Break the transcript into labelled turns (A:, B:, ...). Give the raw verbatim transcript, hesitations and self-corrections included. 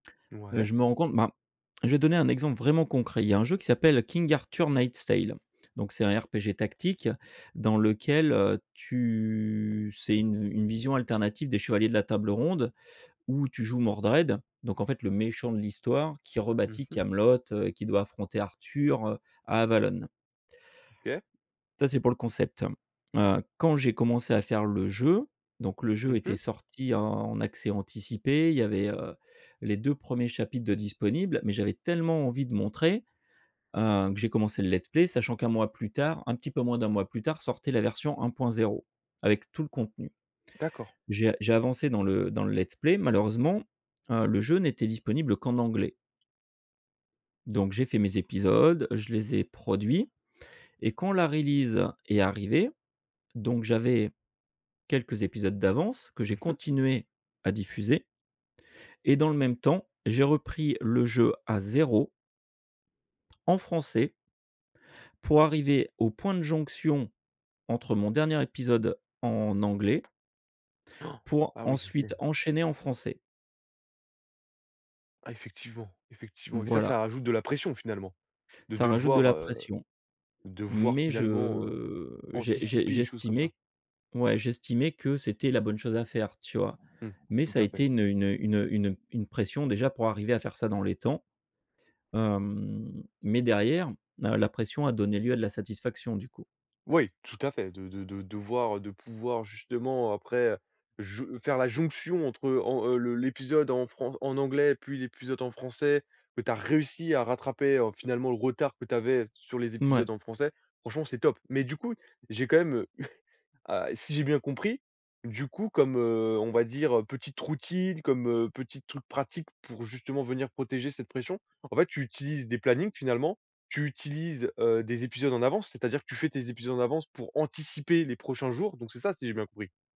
A: Heu,
B: Ouais.
A: je me rends compte, ben, je vais donner un exemple vraiment concret. Il y a un jeu qui s'appelle King Arthur Nightstale. Donc c'est un RPG tactique dans lequel, heu, tu c'est une une vision alternative des chevaliers de la Table ronde où tu joues Mordered, donc en fait, le méchant de l'histoire qui
B: Mmh
A: rebâtit
B: mh.
A: Kaamelott, heu, et qui doit affronter Arthur, heu, à Avallon
B: OK.
A: ça, c'est pour le concept. Heu, quand j'ai commencé à faire le jeu, donc le jeu
B: Mmh
A: était
B: mh.
A: sorti en accès anticipé, il y avait, heu, les deux premiers chapitres de disponible, mais j'avais tellement envie de montrer, heu, que j'ai commencé le let's play, sachant qu'un mois plus tard, un petit peu moins d'un mois plus tard sortait la version un point zéro avec tout le contenu.
B: D'accord.
A: J'ai a j'ai avancé dans le dans le let's play. Malheureusement, heu, le jeu n'était disponible qu'en anglais donc j'ai fait mes épisodes, je les ai produits et quand la release est arrivée, donc j'avais quelques épisodes d'avance que j'ai
B: Mmh mh.
A: continué à diffuser et dans le même temps j'ai repris le jeu à zéro en français pour arriver au point de jonction entre mon dernier épisode en anglais
B: Han!
A: pour
B: Ah, oui, OK.
A: ensuite enchaîner en français.
B: Ah. Effectivement, effectivement et ça,
A: Voilà.
B: ça rajoute de la pression, finalement, de
A: Ça rajoute de
B: devoir,
A: la
B: heu,
A: pression.
B: devoir,
A: Mais je,
B: finalement, heu,
A: heu, j'es j'es
B: anticiper les choses comme ça.
A: j'estimais, ouais, j'estimais que c'était la bonne chose à faire, tu vois?
B: Mmh,
A: Mais
B: tout
A: ça a
B: à fait.
A: été une, heu, une, heu, une, heu, une une pression, déjà, pour arriver à faire ça dans les temps. Hem, mais derrière, la la pression a donné lieu à de la satisfaction, du coup.
B: Oui, tout à fait, de de de devoir, heu, de pouvoir, justement, après, heu, j faire la jonction entre heu, en en le le l'épisode en fran en anglais, puis, l'épisode en français, que tu as réussi à rattraper, oh, finalement le retard que tu avais sur les
A: Mouais.
B: épisodes en français, franchement, c'est top. Mais du coup, j'ai quand même, heu, ah, si j'ai bien compris, du coup, comme, heu, on va dire, heu, petites routines, comme, heu, petites trucs pratiques pour, justement, venir protéger cette pression, en fait, tu utilises des plannings, finalement. Tu utilises, heu, des épisodes en avance, c'est-à-dire que tu fais tes épisodes en avance pour anticiper les prochains jours. Donc c'est ça, si j'ai bien compris?